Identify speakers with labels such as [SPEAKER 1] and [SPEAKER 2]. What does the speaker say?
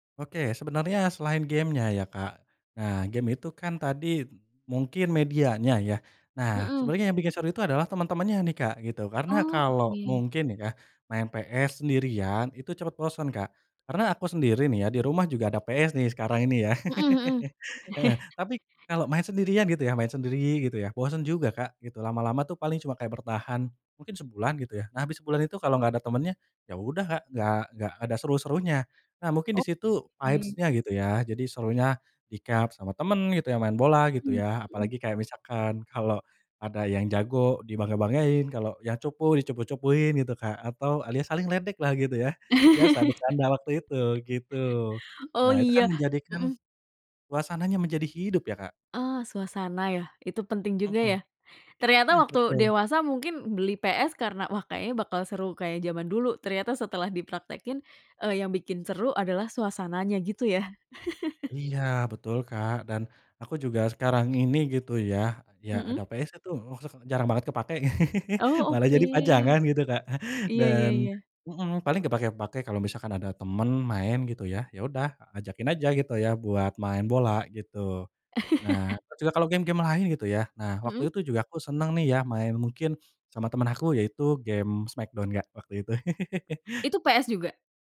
[SPEAKER 1] Oke, sebenarnya selain game-nya ya, Kak. Nah, game itu kan tadi mungkin medianya ya. Nah,
[SPEAKER 2] Mhm.
[SPEAKER 1] sebenarnya yang bikin seru itu adalah teman-temannya nih, Kak, gitu. Karena
[SPEAKER 2] Oh,
[SPEAKER 1] kalau
[SPEAKER 2] oke.
[SPEAKER 1] mungkin nih ya, main PS sendirian itu cepet bosen, Kak. Karena aku sendiri nih ya, di rumah juga ada PS nih, sekarang ini ya,
[SPEAKER 2] Mhm mhm.
[SPEAKER 1] heeh, tapi kalau main sendirian gitu ya, main sendiri gitu ya, bosen juga, Kak, lama-lama tuh paling cuma kayak bertahan mungkin sebulan gitu ya. Nah, abis sebulan itu kalau enggak ada temennya, ya udah, Kak, nggak nggak ada seru serunya. Nah, mungkin di situ
[SPEAKER 2] Oke.
[SPEAKER 1] vibes-nya gitu ya, jadi serunya dicup sama temen gitu ya, main bola gitu
[SPEAKER 2] Mhm
[SPEAKER 1] ya,
[SPEAKER 2] mhm.
[SPEAKER 1] apalagi kayak misalkan kalo ada yang jago dibangga-banggain, kalo yang cupu, dicupu-cupuin gitu, Kak, atau alias saling ledek lah gitu ya, biasa bercanda waktu itu gitu.
[SPEAKER 2] Oh
[SPEAKER 1] Nah, itu kan
[SPEAKER 2] iya,
[SPEAKER 1] menjadikan
[SPEAKER 2] mhm.
[SPEAKER 1] suasananya menjadi hidup ya, Kak.
[SPEAKER 2] Oh, suasana ya, itu penting juga ya?
[SPEAKER 1] Mhm,
[SPEAKER 2] Ternyata waktu
[SPEAKER 1] betul.
[SPEAKER 2] dewasa mungkin beli PS karena, wah kayaknya bakal seru kayak zaman dulu, ternyata setelah dipraktekin, eee, yang bikin seru adalah suasananya, gitu ya?
[SPEAKER 1] Iya betul, Kak. Dan aku juga sekarang ini gitu ya, ya ada
[SPEAKER 2] Mhm.
[SPEAKER 1] PS tuh, [unintelligible] jarang banget kepake,
[SPEAKER 2] Oh,
[SPEAKER 1] malah
[SPEAKER 2] oke.
[SPEAKER 1] jadi pajangan gitu, Kak.
[SPEAKER 2] Iya iya
[SPEAKER 1] Dan
[SPEAKER 2] iya.
[SPEAKER 1] mhm, paling kepakai-kepakai kalau misalkan ada temen main gitu ya. Ya udah ajakin aja gitu ya, buat main bola gitu. Nah, terus juga kalo game-game lain gitu ya, nah
[SPEAKER 2] Mhm.
[SPEAKER 1] waktu itu juga aku seneng nih ya, main, mungkin sama temen aku yaitu game Smackdown, Kak, waktu itu.
[SPEAKER 2] Itu PS juga?